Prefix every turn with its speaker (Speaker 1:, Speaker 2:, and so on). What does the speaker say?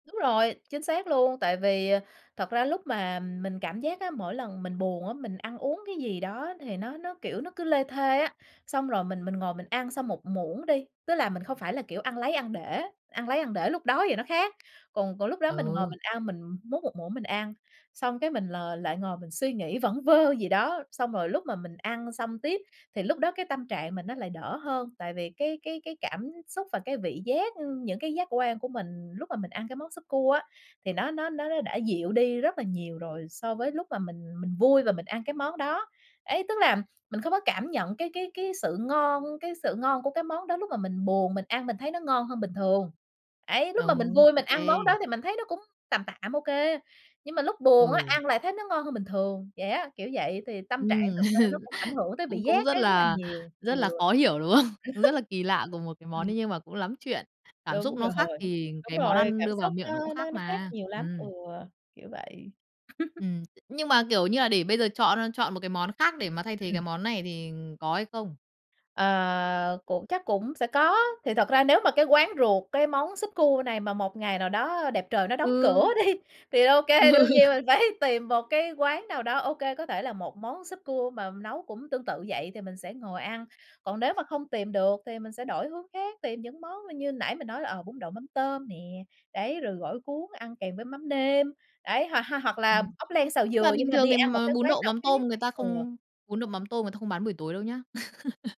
Speaker 1: Đúng rồi, chính xác luôn, tại vì, ờ, thật ra lúc mà, ừm, mình cảm giác á, mỗi lần mình buồn á, mình ăn uống cái gì đó thì nó nó, kiểu, nó cứ lê thê á. Xong rồi mình mình ngồi mình ăn xong 1 muỗng đi, tức là mình không phải là, kiểu, ăn lấy ăn để ăn lấy ăn để lúc đói thì nó khác. Còn còn lúc đó mình ngồi
Speaker 2: Ừ.
Speaker 1: mình ăn, mình múc 1 muỗng mình ăn, xong cái mình l lại ngồi mình suy nghĩ vẩn vơ gì đó. Xong rồi lúc mà mình ăn xong tiếp thì lúc đó cái tâm trạng mình nó lại đỡ hơn, tại vì cái cái cái cảm xúc và cái vị giác, ưm, những cái giác quan của mình lúc mà mình ăn cái món súp cua á, thì nó nó nó nó đã dịu đi rất là nhiều rồi so với lúc mà mình mình vui và mình ăn cái món đó. Ấy, tức là mình không có cảm nhận cái cái cái sự ngon cái sự ngon của cái món đó, lúc mà mình buồn mình ăn mình thấy nó ngon hơn bình thường. Ấy, lúc mà mình
Speaker 2: Đúng.
Speaker 1: vui
Speaker 2: Ô
Speaker 1: mình ăn
Speaker 2: kê.
Speaker 1: món đó thì mình thấy nó cũng tàm tạm, ô kê, nhưng mà lúc buồn á,
Speaker 2: Ừ.
Speaker 1: ăn lại thấy nó ngon hơn bình thường. Vậy á, kiểu vậy. Thì tâm trạng
Speaker 2: Ừm.
Speaker 1: thực ra nó cũng ảnh hưởng tới vị
Speaker 2: Cũng cũng
Speaker 1: giác
Speaker 2: rất
Speaker 1: đấy rất là
Speaker 2: là
Speaker 1: nhiều. Ừ.
Speaker 2: rất là khó hiểu, đúng không? Cũng rất là kỳ lạ, cùng một cái món
Speaker 1: Ừm.
Speaker 2: đấy nhưng mà cũng lắm chuyện, cảm xúc
Speaker 1: Đúng
Speaker 2: nó khác
Speaker 1: rồi.
Speaker 2: thì
Speaker 1: Đúng
Speaker 2: cái món
Speaker 1: rồi,
Speaker 2: ăn
Speaker 1: cảm
Speaker 2: đưa vào
Speaker 1: xúc
Speaker 2: miệng nó cũng
Speaker 1: nó
Speaker 2: khác
Speaker 1: nó nó khác
Speaker 2: mà.
Speaker 1: nhiều lắm. Ừ,
Speaker 2: Ừm.
Speaker 1: kiểu vậy.
Speaker 2: Ừm, t nhưng mà, kiểu như là, để bây giờ chọn, ơ, chọn một cái món khác để mà thay thế
Speaker 1: Ừm.
Speaker 2: cái món này thì, ừm, có hay không?
Speaker 1: Ờ, cũng chắc cũng sẽ có. Thì thật ra nếu mà cái quán ruột, cái món súp cua này mà một ngày nào đó, ơ, đẹp trời nó đóng cửa
Speaker 2: Ừ.
Speaker 1: đi, thì ô kê, đương nhiên
Speaker 2: Ừ.
Speaker 1: mình phải tìm một cái quán nào đó, ô kê, có thể là một món súp cua mà, ừm, nấu cũng tương tự vậy thì mình sẽ ngồi ăn. Còn nếu mà không tìm được thì mình sẽ đổi hướng khác, tìm những món là như nãy mình nói là, ờ, bún đậu mắm tôm nè, đấy, rồi gỏi cuốn ăn kèm với mắm nêm, đấy, h ha hoặc
Speaker 2: Ừm.
Speaker 1: là ốc len xào
Speaker 2: Nhưng mà
Speaker 1: dừa nhưng
Speaker 2: bình
Speaker 1: mà đi
Speaker 2: thường thì
Speaker 1: ăn một
Speaker 2: mà
Speaker 1: cái
Speaker 2: bún
Speaker 1: quán
Speaker 2: đậu
Speaker 1: nào
Speaker 2: mắm
Speaker 1: khác.
Speaker 2: tôm người ta
Speaker 1: Ừ.
Speaker 2: không bún đậu mắm tôm người ta không bán buổi tối đâu nhá.